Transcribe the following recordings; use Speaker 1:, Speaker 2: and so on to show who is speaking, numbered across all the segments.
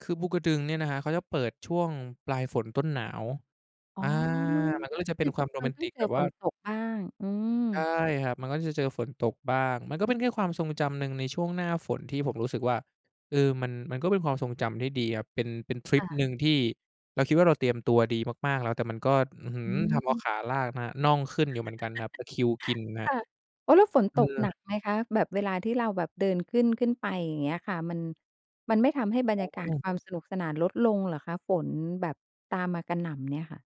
Speaker 1: คือภูกระดึงเนี่ยนะครับ เขาจะเปิดช่วงปลายฝนต้นหนาว
Speaker 2: อ๋อ
Speaker 1: อา มันก็เลยจะเป็นความโร
Speaker 2: เร
Speaker 1: แ
Speaker 2: า
Speaker 1: มน
Speaker 2: ต้อ
Speaker 1: ต
Speaker 2: ง
Speaker 1: ิก
Speaker 2: เจ
Speaker 1: แ
Speaker 2: อ
Speaker 1: บบ
Speaker 2: ฝ
Speaker 1: ว่า
Speaker 2: นตกบ้าง อื
Speaker 1: ใช่
Speaker 2: ม
Speaker 1: ครับ มันก็จะเจอฝนตกบ้าง มันก็เป็นแค่ความทรงจำหนึ่งในช่วงหน้าฝนที่ผมรู้สึกว่า เอ่อ มัน มันก็เป็นความทรงจำที่ดีครับ เป็น เป็นทริ
Speaker 2: ค่
Speaker 1: ป
Speaker 2: ะ
Speaker 1: หนึ่งที่เราคิดว่าเราเตรียมตัวดีมาก ๆ แล้ว แต่มันก็ อื้อฮื
Speaker 2: อ
Speaker 1: อ ทำเอา
Speaker 2: ืม
Speaker 1: ขาลากนะ น่องขึ้นอยู่เหมือนกันนะครับ ตะคริวกินน
Speaker 2: ค
Speaker 1: ะ
Speaker 2: ่ะ อ๋อ แล้วฝน
Speaker 1: อื
Speaker 2: ตกหน
Speaker 1: อ
Speaker 2: ักไหมคะ แบบเวลาที่เราแบบเดินขึ้น ขึ้นไปอย่างเงี้ยค่ะ มัน มันไม่ทำให้บร
Speaker 1: อ
Speaker 2: ร
Speaker 1: ๋
Speaker 2: ยากาศ
Speaker 1: อ
Speaker 2: ความสนุกสนาน ลดลงเหรอคะ? ฝนแบบตามมากระหน่ำเนี่ยค่ะ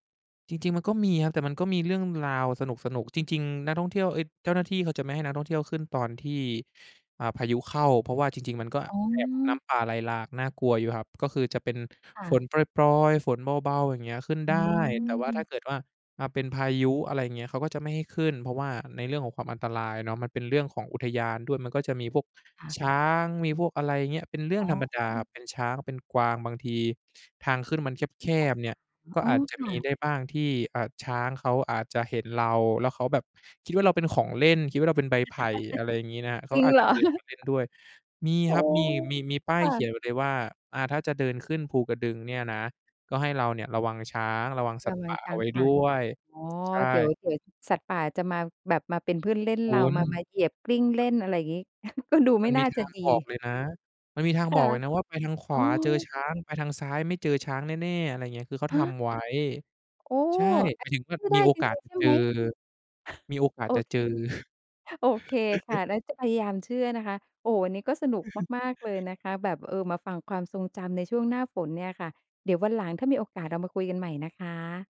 Speaker 1: จริง ๆ มันก็มีครับ แต่มันก็มีเรื่องราวสนุก ๆ จริง ๆ นักท่องเที่ยว เอ๊ย เจ้าหน้าที่ เขาจะไม่ให้นักท่องเที่ยวขึ้นตอนที่ อ่า พายุเข้า เพราะว่าจริง ๆ มันก็
Speaker 2: อ๋
Speaker 1: แอบน
Speaker 2: อ
Speaker 1: ้ำป่าไหลหลาก น่ากลัวอยู่ครับ ก็คือจะเป็น
Speaker 2: ค่
Speaker 1: ฝน
Speaker 2: ะ
Speaker 1: ปรอย ๆ ฝนเบา ๆ อย่างเงี้ยขึ้น
Speaker 2: อ
Speaker 1: ได้ แต่ว่าถ้
Speaker 2: ืม
Speaker 1: าเกิดว่า อา เป็นพายุ อะไรอย่างเงี้ย เขาก็จะไม่ให้ขึ้น เพราะว่าในเรื่องของความอันตรายเนาะ มันเป็นเรื่องของอุทยานด้วย มันก็จะมีพวก
Speaker 2: ค่ะ
Speaker 1: ช้าง มีพวกอะไรอย่างเงี้ย เป็นเรื่อ
Speaker 2: อ๋
Speaker 1: งธรรมดา
Speaker 2: อ
Speaker 1: เป็นช้าง เป็นกวาง บางทีทางขึ้นมันแคบ ๆ เนี่ย ก็
Speaker 2: อ๋อ
Speaker 1: อาจจะ
Speaker 2: ค่
Speaker 1: มี
Speaker 2: ะ
Speaker 1: ได้บ้างที่ อ่า ช้างเขาอาจจะเห็นเรา แล้วเขาแบบคิดว่าเราเป็นของเล่น คิดว่าเราเป็นใบไผ่ อะไรอย่างงี้นะครับ เข
Speaker 2: จ
Speaker 1: า
Speaker 2: ริ
Speaker 1: ก็
Speaker 2: ง
Speaker 1: อา
Speaker 2: เ
Speaker 1: จ
Speaker 2: ห
Speaker 1: จ
Speaker 2: ร
Speaker 1: ะ
Speaker 2: อ?
Speaker 1: เดินมาเล่นด้วย มี
Speaker 2: โอ้
Speaker 1: ครับ มี มี มีป้า
Speaker 2: ค
Speaker 1: ย
Speaker 2: ่
Speaker 1: เขี
Speaker 2: ะ
Speaker 1: ยนไว้เลยว่า อ่า ถ้าจะเดินขึ้นภูกระดึงเนี่ยนะ ก็ให้เราเนี่ยระวังช้าง ระวังสั
Speaker 2: ก
Speaker 1: ตว์
Speaker 2: ำลั
Speaker 1: ป
Speaker 2: ง
Speaker 1: ่า
Speaker 2: ช
Speaker 1: เ
Speaker 2: ้
Speaker 1: อา
Speaker 2: า
Speaker 1: ไ
Speaker 2: ง
Speaker 1: ว้
Speaker 2: ป
Speaker 1: ด
Speaker 2: ่า
Speaker 1: ้วย
Speaker 2: อ๋อ
Speaker 1: ใช่
Speaker 2: เดี๋ยว เดี๋ยวสัตว์ป่าจะมา แบบมาเป็นเพื่อนเล่น
Speaker 1: ค
Speaker 2: เรา
Speaker 1: ุณ
Speaker 2: มา มาเหยียบกลิ้งเล่น อะไรอย่างงี้ ก็ดูไ
Speaker 1: ม
Speaker 2: ม
Speaker 1: ั
Speaker 2: ่
Speaker 1: นม
Speaker 2: น
Speaker 1: ี
Speaker 2: ่า
Speaker 1: ท
Speaker 2: จะ
Speaker 1: าง
Speaker 2: ดี
Speaker 1: บอกเลยนะ มันมีทา
Speaker 2: ค
Speaker 1: งบ
Speaker 2: ่ะ
Speaker 1: อกเลยนะว่า "ไปทางข
Speaker 2: อ
Speaker 1: ว
Speaker 2: ๋
Speaker 1: าเจอ
Speaker 2: อ
Speaker 1: ช้าง ไปทางซ้ายไม่เจอช้างแน่ ๆ" อะไรอย่างเงี้ย คือเขา
Speaker 2: ฮ
Speaker 1: ท
Speaker 2: ะ
Speaker 1: ำไว้
Speaker 2: โอ้
Speaker 1: ใช่
Speaker 2: อ
Speaker 1: ห
Speaker 2: ั
Speaker 1: ม
Speaker 2: น
Speaker 1: าย
Speaker 2: น
Speaker 1: ถึงว่า
Speaker 2: ี้เชื่อได
Speaker 1: มี
Speaker 2: ้
Speaker 1: โอ
Speaker 2: จร
Speaker 1: กาส
Speaker 2: ิง
Speaker 1: จ
Speaker 2: ๆ ใ
Speaker 1: ะ
Speaker 2: ช่
Speaker 1: เจ
Speaker 2: ไ
Speaker 1: อ
Speaker 2: หม?
Speaker 1: มีโอก
Speaker 2: ฮ
Speaker 1: า
Speaker 2: โ
Speaker 1: ส
Speaker 2: อ
Speaker 1: จะ
Speaker 2: เค
Speaker 1: เจอ
Speaker 2: โอเคค่ะ แล้วจะพยายามเชื่อนะคะ โอ้ วันนี้ก็สนุกมาก ๆ เลยนะคะแบบ เอ่อ มาฟังความทรงจำในช่วงหน้าฝนเนี่ยค่ะ เดี๋ยววันหลังถ้ามีโอกาสเรามาคุยกันใหม่นะคะ